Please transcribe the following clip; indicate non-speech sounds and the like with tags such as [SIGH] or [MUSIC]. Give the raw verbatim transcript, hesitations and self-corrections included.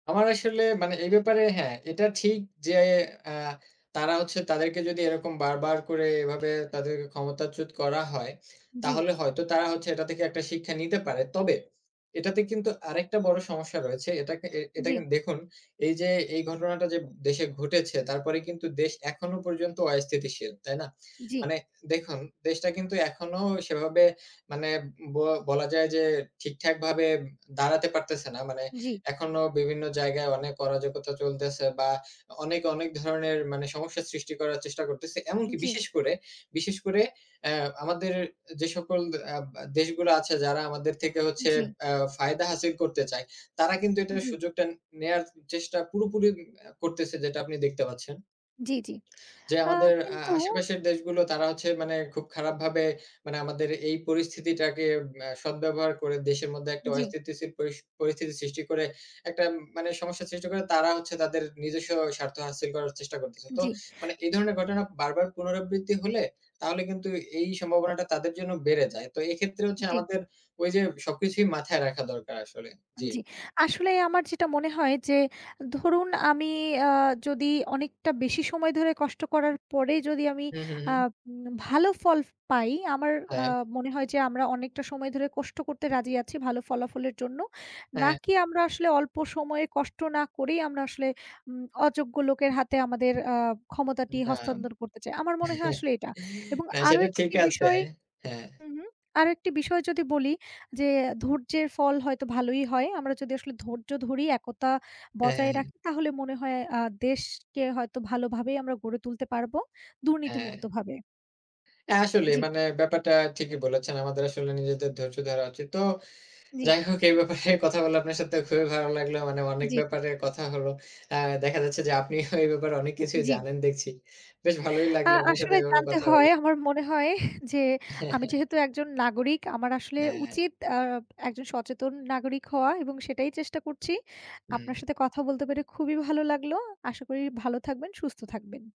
আমার আসলে মানে এই ব্যাপারে হ্যাঁ, এটা ঠিক যে অ্যা তারা হচ্ছে তাদেরকে যদি এরকম বার, বার করে এভাবে তাদের ক্ষমতাচ্যুত করা হয়। জি। তাহলে হয়তো তারা হচ্ছে এটা থেকে একটা শিক্ষা নিতে পারে। তবে এটাতে কিন্তু আরেকটা বড় সমস্যা রয়েছে। এটাকে এ এটা জি। কিন্তু দেখুন এই যে এই ঘটনাটা যে দেশে ঘটেছে তারপরে কিন্তু দেশ এখনো পর্যন্ত অস্থিতিশীল। তাই না? জি। মানে দেখুন দেশটা কিন্তু এখনো সেভাবে মানে ব বলা যায় যে ঠিকঠাক ভাবে দাঁড়াতে পারতেছে না। মানে জি। এখনও বিভিন্ন জায়গায় অনেক অরাজকতা চলতেছে বা অনেক, অনেক ধরনের মানে সমস্যা সৃষ্টি করার চেষ্টা করতেছে। এমনকি জি। বিশেষ করে বিশেষ করে অ্যা আমাদের এ যে সকল আব আ দেশগুলো আছে যারা আমাদের থেকে হচ্ছে জি। আ ফায়দা হাসিল করতে চায় তারা কিন্তু আ এটার জি। সুযোগটা নেয়ার চেষ্টা পুরোপুরি অ্যা করতেছে যেটা আপনি দেখতে পাচ্ছেন। জি, জি। [SMACKS LIPS] যে আ আমাদের অ্যা কিন্তু আশেপাশের দেশগুলো তারা হচ্ছে মানে খুব খারাপভাবে মানে আমাদের এই পরিস্থিতিটাকে অ্যা সদব্যবহার করে দেশের মধ্যে একটা জি। অস্থিতিশীল পরিস পরিস্থিতি সৃষ্টি করে একটা মানে সমস্যা সৃষ্টি করে তারা হচ্ছে তাদের নিজস্ব স্বার্থ হাসিল করার চেষ্টা করতেছে। তো জি। মানে এই ধরনের ঘটনা বারবার পুনরাবৃত্তি হলে তাহলে কিন্তু এই সম্ভাবনাটা তাদের জন্য বেড়ে যায়। তো এক্ষেত্রে হচ্ছে জি। আমাদের ঐ যে সবকিছুই মাথায় রাখা দরকার আসলে। আ জি। জি আসলে আমার যেটা মনে হয় যে ধরুন আমি আ যদি অনেকটা বেশি সময় ধরে কষ্ট করার পরে যদি আমি হু, হু, আ হু। উম না ভালো ফলফ পাই আমার আ হ্যাঁ। মনে হয় যে আমরা অনেকটা সময় ধরে কষ্ট করতে রাজি আছি ভালো ফলাফলের জন্য। হ্যাঁ। নাকি আমরা আসলে অল্প সময়ে কষ্ট না করেই আমরা আসলে উম অযোগ্য লোকের হাতে আমাদের আ ক্ষমতাটি না। হস্তান্তর করতে চাই। আমার মনে হয় [CHUCKLES] আসলে এটা এবং না আরো সেটা ঠিক একটি আছে। বিষয় হ্যাঁ। হু, হু [SMACKS LIPS] আরেকটি বিষয় যদি বলি যে ধৈর্যের ফল হয়তো ভালোই হয়। আমরা যদি আসলে ধৈর্য ধরি একতা হ্যাঁ, হ্যাঁ, বজায় হ্যাঁ। রাখি তাহলে মনে হয় আ দেশকে হয়তো ভালোভাবেই আমরা গড়ে তুলতে পারবো দুর্নীতি হ্যাঁ। মুক্তভাবে। হ্যাঁ, আসলেই জি। মানে ব্যাপারটা ঠিকই বলেছেন আমাদের আসলে নিজেদের ধৈর্য ধরা উচিত। তো জি। যাই হোক এই ব্যাপারে কথা বলে আপনার সাথে খুবই ভালো লাগলো। মানে অনেক জি। ব্যাপারে কথা হলো। অ্যা দেখা যাচ্ছে যে আপনিও এই ব্যাপারে অনেক কিছুই জি। জানেন দেখছি। বেশ ভালোই আ লাগলো আপনার সাথে আসলে এভাবে জানতে কথা হলো হয় আমার মনে হয় [CHUCKLES] যে, আমি যেহেতু [CHUCKLES] একজন নাগরিক আমার আসলে হ্যাঁ। উচিত আ একজন সচেতন নাগরিক হওয়া এবং সেটাই চেষ্টা করছি। হুম। আপনার সাথে কথা বলতে পেরে খুবই ভালো লাগলো আশা করি ভালো থাকবেন, সুস্থ থাকবেন।